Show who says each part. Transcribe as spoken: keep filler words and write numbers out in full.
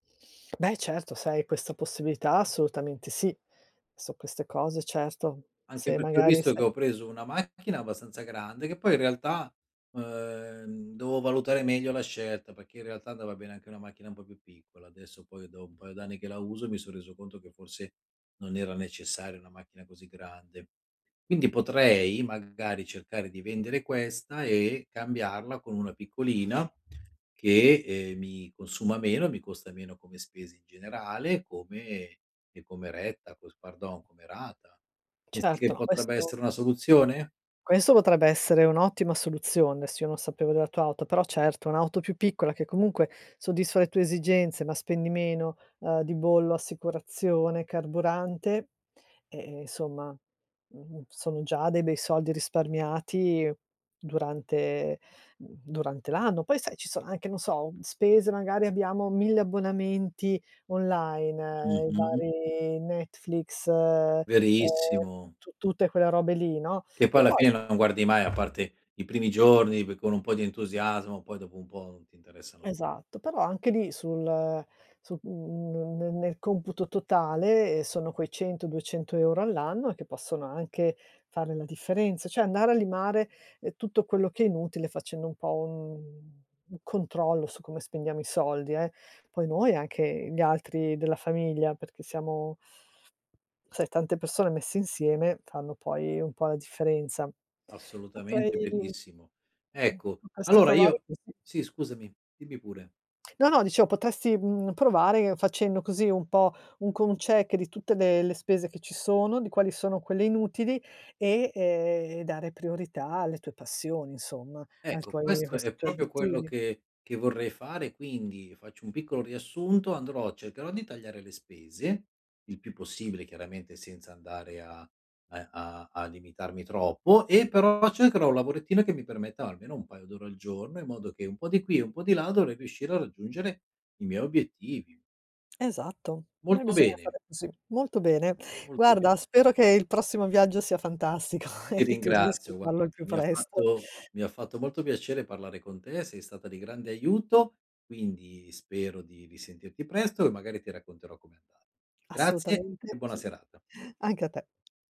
Speaker 1: Beh, certo, se hai questa possibilità assolutamente sì. Su queste cose, certo.
Speaker 2: Anche
Speaker 1: Se
Speaker 2: perché ho
Speaker 1: magari
Speaker 2: visto che
Speaker 1: se
Speaker 2: ho preso una macchina abbastanza grande che poi in realtà, uhm, dovevo valutare meglio la scelta, perché in realtà andava bene anche una macchina un po' più piccola, adesso poi dopo un paio d'anni che la uso mi son reso conto che forse non era necessaria una macchina così grande. Quindi potrei, magari, cercare di vendere questa e cambiarla con una piccolina che, ehm, mi consuma meno, mi costa meno come spese in generale, come ehm, come retta cos pardon, come rata. Pensi che
Speaker 1: Certo,
Speaker 2: potrebbe
Speaker 1: questo
Speaker 2: essere una soluzione?
Speaker 1: questo potrebbe essere un'ottima soluzione. Sì, io non sapevo della tua auto, però certo, un'auto più piccola che comunque soddisfa le tue esigenze, ma spendi meno, uhm, di bollo, assicurazione, carburante e, ehm, somma, mhmm, sono già dei bei soldi risparmiati durante durante l'anno. Poi sai ci sono anche, non so, spese magari abbiamo mille abbonamenti online, i
Speaker 2: Mh-mh.
Speaker 1: vari Netflix uhm,
Speaker 2: Verissimo.
Speaker 1: tu tutte quelle robe lì, no,
Speaker 2: Che poi
Speaker 1: che
Speaker 2: alla
Speaker 1: poi s
Speaker 2: fine non guardi mai a parte i primi giorni b con un po' di entusiasmo, poi dopo un po' non ti interessano
Speaker 1: Esatto, però anche lì sul sul mhmm, n n ne nel computo totale sono quei cento, duecento euro all'anno che possono anche fare la differenza, cioè, andare a limare, uhm, tutto quello che è inutile facendo un po' un un controllo su come spendiamo i soldi, eh. Poi noi, anche gli altri della famiglia perché siamo sai tante persone messe insieme fanno poi un po' la differenza.
Speaker 2: Assolutamente
Speaker 1: Potrei mhmm,
Speaker 2: verissimo. Ecco
Speaker 1: potresti
Speaker 2: allora
Speaker 1: provare
Speaker 2: io
Speaker 1: così.
Speaker 2: sì scusami dimmi pure.
Speaker 1: No, no dicevo potresti, mhmm, provare facendo così un po' un con check di tutte le le spese che ci sono, di quali sono quelle inutili e, ehm, dare priorità alle tue passioni insomma, al
Speaker 2: Ecco,
Speaker 1: tuoi
Speaker 2: questo
Speaker 1: questi
Speaker 2: è
Speaker 1: tuoi
Speaker 2: propio quello
Speaker 1: obiettivi.
Speaker 2: che che vorrei fare quindi faccio un piccolo riassunto, andrò cercherò di tagliare le spese, il più possibile, chiaramente senza andare a a a a limitarmi troppo e però cercherò un lavorettino che mi permetta almeno un paio d'ore al giorno in modo che un po' di qui e un po' di là dovrei riuscire a raggiungere i miei obiettivi.
Speaker 1: Esatto, noi
Speaker 2: Molto
Speaker 1: bisogna
Speaker 2: bene.
Speaker 1: fare così. Molto bene.
Speaker 2: Molto
Speaker 1: Guarda,
Speaker 2: bene.
Speaker 1: spero che il prossimo viaggio sia fantastico
Speaker 2: Ti
Speaker 1: e che tu riesca a
Speaker 2: ringrazio, guarda
Speaker 1: farlo il più
Speaker 2: mi ha
Speaker 1: presto.
Speaker 2: fatto mi ha fatto molto piacere parlare con te, sei stata di grande aiuto, quindi spero di risentirti presto e magari ti racconterò com'è andata. Grazie
Speaker 1: Assolutamente,
Speaker 2: e buona serata.
Speaker 1: anche a te.